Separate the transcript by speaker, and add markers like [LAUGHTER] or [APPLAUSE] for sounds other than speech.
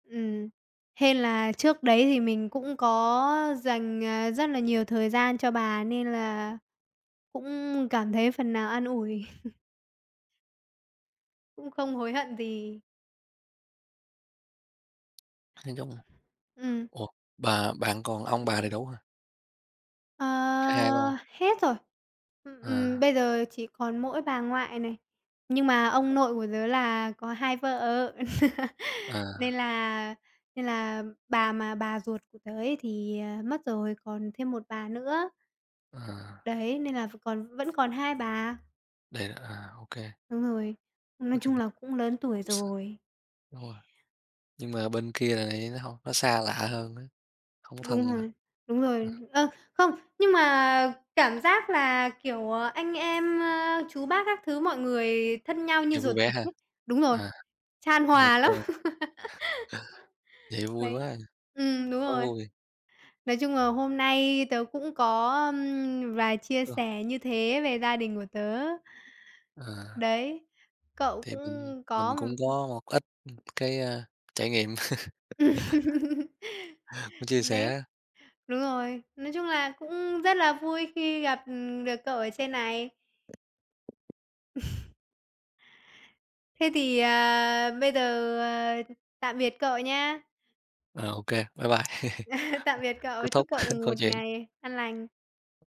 Speaker 1: Ừm. Hên là trước đấy thì mình cũng có dành, à, rất là nhiều thời gian cho bà, nên là cũng cảm thấy phần nào an ủi. [CHUCKLES] Cũng không hối hận gì.
Speaker 2: Nó giống
Speaker 1: Ừm.
Speaker 2: ủa, bà bạn còn ông bà đầy đủ hả?
Speaker 1: Ờ,
Speaker 2: Cả hai luôn.
Speaker 1: hết rồi. Ừm, ừm,
Speaker 2: À.
Speaker 1: bây giờ chỉ còn mỗi bà ngoại này, nhưng mà ông nội của tớ là có 2 vợ. [LAUGHS] Nên
Speaker 2: À.
Speaker 1: là nên là bà mà bà ruột của tớ ấy, thì, ờ, mất rồi, còn thêm 1 bà nữa.
Speaker 2: À.
Speaker 1: Đấy, nên là v còn vẫn còn 2 bà.
Speaker 2: Đấy, à, ô kê.
Speaker 1: Đúng rồi,
Speaker 2: Nói
Speaker 1: nói
Speaker 2: chung
Speaker 1: chung
Speaker 2: là
Speaker 1: là cũng lớn tuổi
Speaker 2: cũng s
Speaker 1: rồi.
Speaker 2: đúng rồi. Nhưng mà bên kia lại nó hông nó xa lạ hơn á, hông
Speaker 1: Đúng
Speaker 2: thân mà.
Speaker 1: rồi, đúng
Speaker 2: Ờ.
Speaker 1: rồi. Ờ, không, nhưng mà cảm giác là, kiểu, à, anh em, ơ, chú bác các thứ, mọi người thân nhau như
Speaker 2: Giờ vui
Speaker 1: ruột
Speaker 2: vẻ
Speaker 1: thịt
Speaker 2: ha?
Speaker 1: ấy. Đúng rồi,
Speaker 2: À,
Speaker 1: chan
Speaker 2: vậy ô
Speaker 1: hòa
Speaker 2: kê.
Speaker 1: lắm!
Speaker 2: [CHUCKLES]
Speaker 1: [LAUGHS]
Speaker 2: Vậy vui quá
Speaker 1: Đấy,
Speaker 2: à.
Speaker 1: ừm, đúng
Speaker 2: Quá
Speaker 1: rồi.
Speaker 2: vui.
Speaker 1: Nói chung là hôm nay tớ cũng có, ưm, vài chia
Speaker 2: Ờ.
Speaker 1: sẻ như thế về gia đình của tớ.
Speaker 2: À.
Speaker 1: Đấy, cậu
Speaker 2: Thì mình
Speaker 1: cũng có,
Speaker 2: mình cũng
Speaker 1: ưm
Speaker 2: có một ít, ưm, cái, a, trải nghiệm. [CHUCKLES]
Speaker 1: [LAUGHS]
Speaker 2: Chia
Speaker 1: Đấy,
Speaker 2: sẻ.
Speaker 1: đúng rồi, nói chung là cũng rất là vui khi gặp, ừm, được cậu ở trên này. [CHUCKLES] Thế thì, à, bây giờ, ờ, tạm biệt cậu nhá.
Speaker 2: Ờ, OK, bye bye. [CHUCKLES] Ờ,
Speaker 1: [CHUCKLES] Tạm biệt
Speaker 2: kết
Speaker 1: cậu, chúc
Speaker 2: thúc
Speaker 1: cậu
Speaker 2: [CHUCKLES] câu
Speaker 1: một
Speaker 2: chuyện.
Speaker 1: ngày an lành.